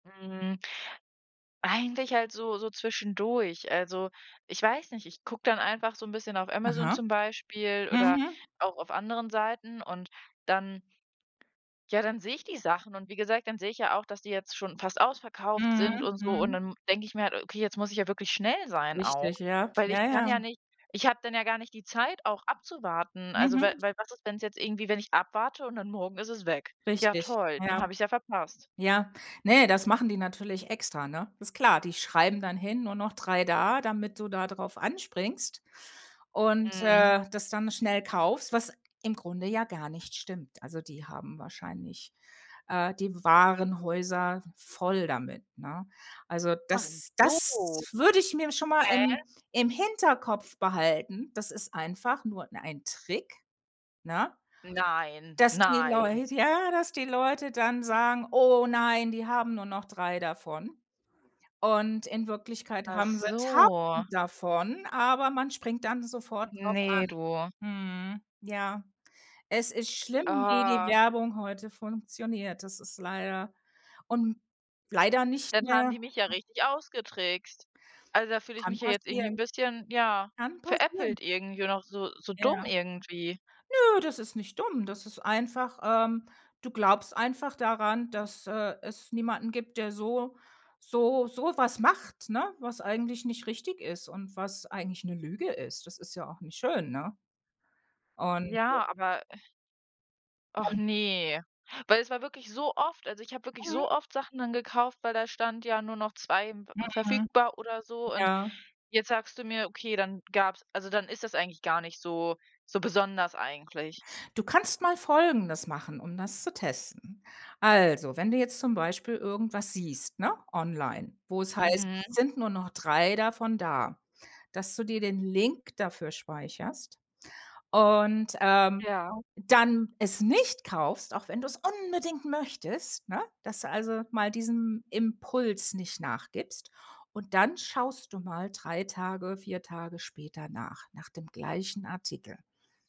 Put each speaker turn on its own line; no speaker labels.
Mhm. Eigentlich halt so so zwischendurch. Also, ich weiß nicht, ich gucke dann einfach so 'n bisschen auf Amazon
Aha.
zum Beispiel oder
Mhm.
auch auf anderen Seiten, und dann ja, dann sehe ich die Sachen und wie gesagt, dann sehe ich ja auch, dass die jetzt schon fast ausverkauft sind
Mhm,
und so, und
mhm.
dann denke ich mir halt: „Okay, jetzt muss ich ja wirklich schnell sein auch“,
Richtig, ja.
weil ich
Ja,
kann ja
ja.
nicht ich habe dann ja gar nicht die Zeit auch abzuwarten, also weil
Mhm.
weil was ist, wenn's jetzt irgendwie wenn ich abwarte und dann morgen ist es weg? Ja
Richtig.
toll,
Ja.
dann hab ich's ja verpasst.
Ja. Ne, das machen die natürlich extra, ne? Ist klar, die schreiben dann hin, nur noch 3 da, damit du da drauf anspringst und,
Mhm.
äh, das dann schnell kaufst, was im Grunde ja gar nicht stimmt. Also, die haben wahrscheinlich, äh, die Warenhäuser voll damit, ne? Also,
Ach
das
so.
das würde ich mir schon mal im
Häh?
im Hinterkopf behalten. Das ist einfach nur 'n ein Trick, ne?
Nein,
Dass die
nein.
Leut Ja, dass die Leute dann sagen: „Oh nein, die haben nur noch 3 davon.” Und in Wirklichkeit
Ach
haben sie 1.000
so.
davon, aber man springt dann sofort drauf
Ne,
an.
du.
Mhm. Ja, es ist schlimm, wie die
Ah.
Werbung heute funktioniert. Das ist leider und leider nicht
Dann haben
mehr
die mich ja richtig ausgetrickst. Also, da fühle ich
Kann
mich ja jetzt irgendwie 'n
passieren.
bisschen, ja,
Kann passieren.
veräppelt irgendwie und auch so so dumm
Ja.
irgendwie.
Nö, das ist nicht dumm. Das ist einfach, ähm du glaubst einfach daran, dass, äh, es niemanden gibt, der so so so was macht, ne, was eigentlich nicht richtig ist und was eigentlich 'ne Lüge ist. Das ist ja auch nicht schön, ne? Und, äh
Ja, aber Och
[unintelligible]
ne, weil es war wirklich so oft also, ich habe wirklich
Mhm.
so oft Sachen dann gekauft, weil da stand, ja: „Nur noch 2, m ve
Mhm.
verfügbar“, oder so, und
Ja.
jetzt sagst du mir, okay, dann gab's also dann ist das eigentlich gar nicht so so besonders eigentlich.
Du kannst mal Folgendes machen, um das zu testen. Also, wenn du jetzt zum Beispiel irgendwas siehst, ne, online, wo es heißt:
Mhm.
„Sind nur noch 3 davon da”. Dass du dir den Link dafür speicherst und, ähm,
Ja.
dann es nicht kaufst, auch wenn du es unbedingt möchtest, ne? Dass du also mal diesem Impuls nicht nachgibst. Und dann schaust du mal 3 Tage, 4 Tage später nach, nach dem gleichen Artikel.